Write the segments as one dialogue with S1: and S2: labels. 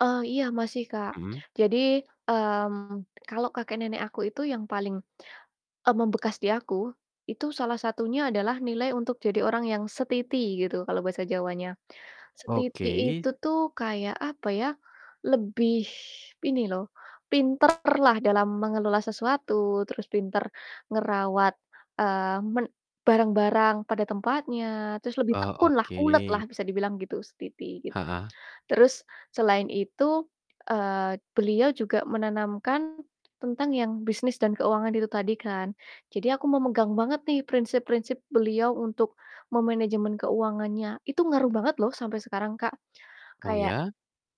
S1: Eh, iya masih, Kak.
S2: Mhm.
S1: Jadi, mmm, kalau kakek-nenek aku itu yang paling, e membekas di aku. Itu, salah satunya adalah nilai untuk jadi orang yang setiti gitu kalau bahasa Jawanya. Setiti
S2: Oke.
S1: itu tuh kayak, apa ya, lebih ini loh, pinterlah dalam mengelola sesuatu, terus pinter ngerawat, eee, men barang-barang pada tempatnya, terus lebih
S2: Oh,
S1: tekunlah,
S2: oke.
S1: uletlah, bisa dibilang gitu, setiti, gitu.
S2: Heeh.
S1: Terus, selain itu, eee, beliau juga menanamkan tentang yang bisnis dan keuangan itu tadi, kan. Jadi aku memegang banget nih, prinsip-prinsip beliau untuk memenejemen keuangannya. Itu ngaruh banget loh sampe sekarang, Kak,
S2: Oh,
S1: kayak
S2: ya?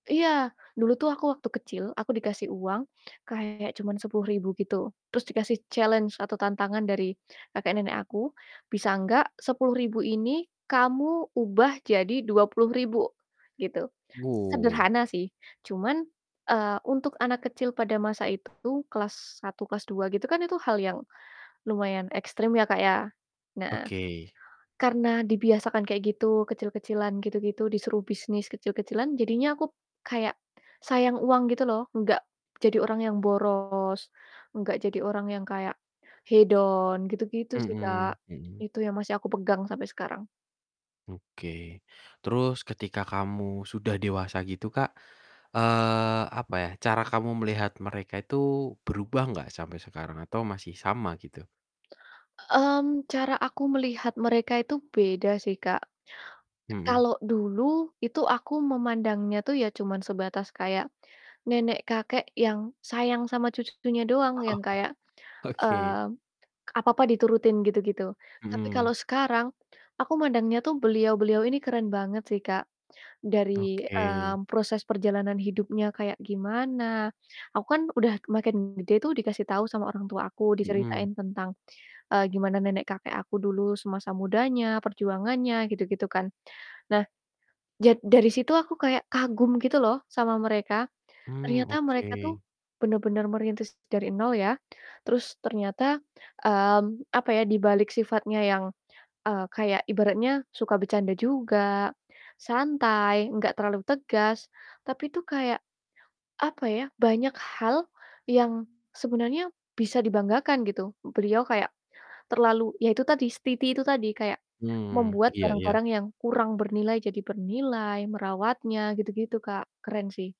S1: iya, dulu tuh aku waktu kecil, aku dikasih uang kayak cuman Rp10.000 gitu, terus dikasih challenge atau tantangan dari kakek-nenek aku, "Bisa enggak Rp10.000 ini kamu ubah jadi Rp20.000," gitu.
S2: Oh.
S1: Sederhana sih, cuman, eee, untuk anak kecil pada masa itu, kelas 1 kelas 2 gitu kan, itu hal yang lumayan ekstrim ya, Kak, ya. Nah,
S2: Oke.
S1: karena dibiasakan kayak gitu, kecil-kecilan gitu gitu, disuruh bisnis kecil-kecilan, jadinya aku kayak sayang uang gitu loh, enggak jadi orang yang boros, enggak jadi orang yang kayak hedon, gitu gitu sih,
S2: Mhm
S1: Kak.
S2: mhm.
S1: Itu yang masih aku pegang sampai sekarang.
S2: Oke. Terus ketika kamu sudah dewasa gitu, Kak, eee, apa ya, cara kamu melihat mereka itu berubah enggak sampai sekarang, atau masih sama gitu?
S1: Mmm, cara aku melihat mereka itu beda sih, Kak. E
S2: Mhm.
S1: kalau dulu, itu aku memandangnya tuh ya cuman sebatas kayak nenek-kakek yang sayang sama cucu-cucunya doang,
S2: Oh,
S1: yang kayak,
S2: oke.
S1: mmm, apa-apa diturutin gitu gitu. Tapi
S2: Mhm.
S1: kalau sekarang aku mandangnya tuh beliau-beliau ini keren banget sih, Kak, dari,
S2: Oke.
S1: mmm, proses perjalanan hidupnya kayak gimana, aku kan udah makin gede tuh, dikasih tau sama orang tua aku,
S2: Mhm.
S1: diceritain tentang, eee, gimana nenek-kakek aku dulu semasa mudanya, perjuangannya, gitu gitu kan. Nah, jad dari situ aku kayak kagum gitu loh sama mereka,
S2: Mmm,
S1: ternyata mereka tuh
S2: oke.
S1: bener-bener merintis dari nol, ya. Terus ternyata, mmm, apa ya, di balik sifatnya yang, eee, kayak ibaratnya suka bercanda juga, santai enggak terlalu tegas, tapi itu kayak, apa ya, banyak hal yang sebenarnya bisa dibanggakan, gitu, beliau kayak terlalu iya itu tadi setiti itu tadi, kayak
S2: Mmm,
S1: membuat
S2: iya iya.
S1: barang-barang yang kurang bernilai jadi bernilai, merawatnya gitu gitu, Kak, keren sih.